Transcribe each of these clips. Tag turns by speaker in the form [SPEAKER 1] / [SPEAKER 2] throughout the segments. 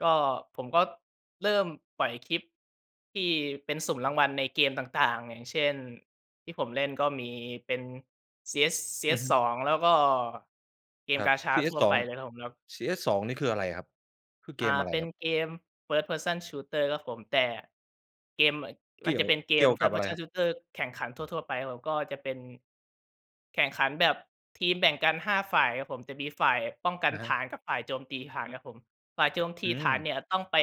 [SPEAKER 1] ก็ ผมก็เริ่มปล่อยคลิปที่เป็นสุ่มรางวัลในเกมต่าง ๆ อย่างเช่น ที่ผมเล่นก็มีเป็น CS
[SPEAKER 2] อือฮึ
[SPEAKER 1] CS2 แล้วก็เกม
[SPEAKER 2] ครับ
[SPEAKER 1] Gacha ทั่ว
[SPEAKER 2] CS2
[SPEAKER 1] ไปเลยครับผม แล้ว
[SPEAKER 2] CS2 นี่คืออะไรครับ? คือเ
[SPEAKER 1] อ
[SPEAKER 2] ก
[SPEAKER 1] า
[SPEAKER 2] มอะไร
[SPEAKER 1] เป็
[SPEAKER 2] ค
[SPEAKER 1] น
[SPEAKER 2] รับ?
[SPEAKER 1] เกม first person shooter ครับผม แต่เกม อ
[SPEAKER 2] เ
[SPEAKER 1] ม
[SPEAKER 2] ก
[SPEAKER 1] ัน
[SPEAKER 2] ี่
[SPEAKER 1] จ
[SPEAKER 2] ย
[SPEAKER 1] ะ
[SPEAKER 2] ว
[SPEAKER 1] เป็นเก
[SPEAKER 2] เกี
[SPEAKER 1] ม
[SPEAKER 2] ่ยวกับ
[SPEAKER 1] first
[SPEAKER 2] อะไรค
[SPEAKER 1] person
[SPEAKER 2] รับ?
[SPEAKER 1] shooter แข่งขันทั่ว ๆ ไปครับผม ก็จะเป็น แข่งขันแบบทีมแบ่งกัน 5 ฝ่ายครับผม จะมีฝ่ายป้องกั
[SPEAKER 2] อ
[SPEAKER 1] น
[SPEAKER 2] ะฮ
[SPEAKER 1] ฐ
[SPEAKER 2] ะ
[SPEAKER 1] านกับฝ่ายโจมตีฐานครับผม ฝ่ายโจมท
[SPEAKER 2] อ
[SPEAKER 1] ี
[SPEAKER 2] ื
[SPEAKER 1] ฐาน
[SPEAKER 2] ม
[SPEAKER 1] เนี่ยต้องไป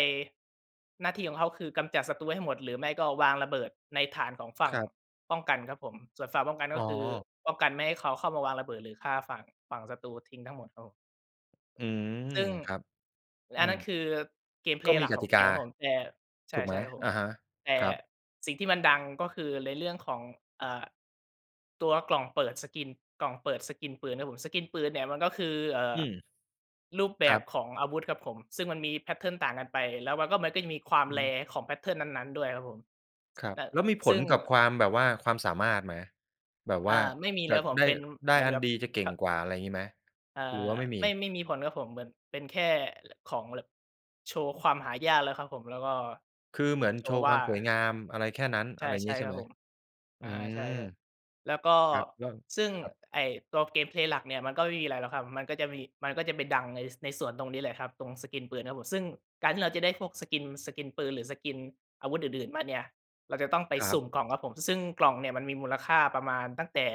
[SPEAKER 1] หน้าที่ของเขาคือกำจัดศัตรูให้หมด หรือไม่ก็วางระเบิดในฐานของฝั่
[SPEAKER 2] ค
[SPEAKER 1] ง
[SPEAKER 2] รับ
[SPEAKER 1] ป้องกันครับผม ส่วนฝั่งป้องกันก
[SPEAKER 2] อ๋
[SPEAKER 1] ็คือ
[SPEAKER 2] อ
[SPEAKER 1] ป้องกันไม่ให้เขาเข้ามาวางระเบิด หรือฆ่าฝั่ง ฝั่งศัตรูทิ้งทั้งหมดครับผม
[SPEAKER 2] อืม
[SPEAKER 1] ซึ่ง
[SPEAKER 2] ครับ อื
[SPEAKER 1] อันน
[SPEAKER 2] ม
[SPEAKER 1] ั้นคือ เกมเพ
[SPEAKER 2] ก
[SPEAKER 1] ล
[SPEAKER 2] ็
[SPEAKER 1] ย์
[SPEAKER 2] ม
[SPEAKER 1] ห
[SPEAKER 2] ี
[SPEAKER 1] ลัก
[SPEAKER 2] ก
[SPEAKER 1] ข
[SPEAKER 2] ต
[SPEAKER 1] อ
[SPEAKER 2] ิ
[SPEAKER 1] ง
[SPEAKER 2] ก
[SPEAKER 1] เก
[SPEAKER 2] า
[SPEAKER 1] มครับผม แต่ ใช
[SPEAKER 2] ถูกไหม?
[SPEAKER 1] ่ ๆ ครับผ
[SPEAKER 2] อ
[SPEAKER 1] ม
[SPEAKER 2] ะฮะ
[SPEAKER 1] แต่
[SPEAKER 2] ครับ
[SPEAKER 1] สิ่งที่มันดังก็คือในเรื่องของ อ่า ตัวกล่องเปิด skins กล่องเปิด skins ปืนครับผม skins ปืนเนี่ยมันก็คือ เอ่
[SPEAKER 2] อ
[SPEAKER 1] อ
[SPEAKER 2] ืม
[SPEAKER 1] รูปแบ
[SPEAKER 2] ครั
[SPEAKER 1] บ
[SPEAKER 2] บ
[SPEAKER 1] ของอาวุธครับผม ซึ่งมันมี แพตเทิร์น ต่างกันไป แล้วมันก็ มันก็จะมีความ
[SPEAKER 2] อือฮึ
[SPEAKER 1] rare ของ แพตเทิร์น นั้น ๆ ด้วยครับผม
[SPEAKER 2] ครับ
[SPEAKER 1] แต่
[SPEAKER 2] แล้วมีผ
[SPEAKER 1] ซึ่
[SPEAKER 2] ล
[SPEAKER 1] ง
[SPEAKER 2] กับความแบบว่า ความสามารถไหม? แบบ
[SPEAKER 1] อ
[SPEAKER 2] ว
[SPEAKER 1] ่า
[SPEAKER 2] ่า
[SPEAKER 1] ไม่มี
[SPEAKER 2] จ
[SPEAKER 1] แล้
[SPEAKER 2] ะ
[SPEAKER 1] วครับผม
[SPEAKER 2] ได้
[SPEAKER 1] เป็น
[SPEAKER 2] ได
[SPEAKER 1] เห
[SPEAKER 2] ้
[SPEAKER 1] มือน
[SPEAKER 2] อั
[SPEAKER 1] แ
[SPEAKER 2] น
[SPEAKER 1] บบ
[SPEAKER 2] ดีจะเก
[SPEAKER 1] ค
[SPEAKER 2] ่งกว่า ไรอย่างงี้ไหม?
[SPEAKER 1] อ่า
[SPEAKER 2] หรือว่าไม่ม
[SPEAKER 1] ไม่
[SPEAKER 2] ี?
[SPEAKER 1] ไม่มีผลครับผม เหมือนเป็นแค่ของ ล โชว์ความหายากแล้วครับผม แล้วก็
[SPEAKER 2] คือเหมือน
[SPEAKER 1] โช
[SPEAKER 2] โช
[SPEAKER 1] ว์
[SPEAKER 2] ว์
[SPEAKER 1] ว
[SPEAKER 2] ค
[SPEAKER 1] ่
[SPEAKER 2] ว
[SPEAKER 1] า
[SPEAKER 2] าม
[SPEAKER 1] อ
[SPEAKER 2] สวยงามอะไรแค่นั้น
[SPEAKER 1] า ใ
[SPEAKER 2] อ
[SPEAKER 1] ช
[SPEAKER 2] ะ
[SPEAKER 1] ่
[SPEAKER 2] ไรอย่าง
[SPEAKER 1] ใช
[SPEAKER 2] งี
[SPEAKER 1] ่
[SPEAKER 2] ้ใช่
[SPEAKER 1] ครั
[SPEAKER 2] ไ
[SPEAKER 1] บ
[SPEAKER 2] หม?
[SPEAKER 1] ผม อ
[SPEAKER 2] อื
[SPEAKER 1] า ใช่
[SPEAKER 2] ม
[SPEAKER 1] ๆ แล้วก็
[SPEAKER 2] ครับ แล้ว
[SPEAKER 1] ซึ่ง
[SPEAKER 2] ครับ
[SPEAKER 1] ไอ้ตัว เกมเพลย์ หลักเนี่ยมันก็ไม่มีอะไรหรอกครับ มันก็มี มันก็จะไปดังใน ส ในส่วนตรงนี้แหละครับ ตรง skins ปืนครับผม ซึ่งการที่เราจะได้พวก skins skins ปืนหรือ skins อาวุธอื่น ๆ มาเนี่ย เราจะต้องไป
[SPEAKER 2] ครั
[SPEAKER 1] ส
[SPEAKER 2] บ
[SPEAKER 1] ุ่มกล่อง ครับผม ซึ่งกล่องเนี่ยมันมีมูลค่าประมาณตั้งแต่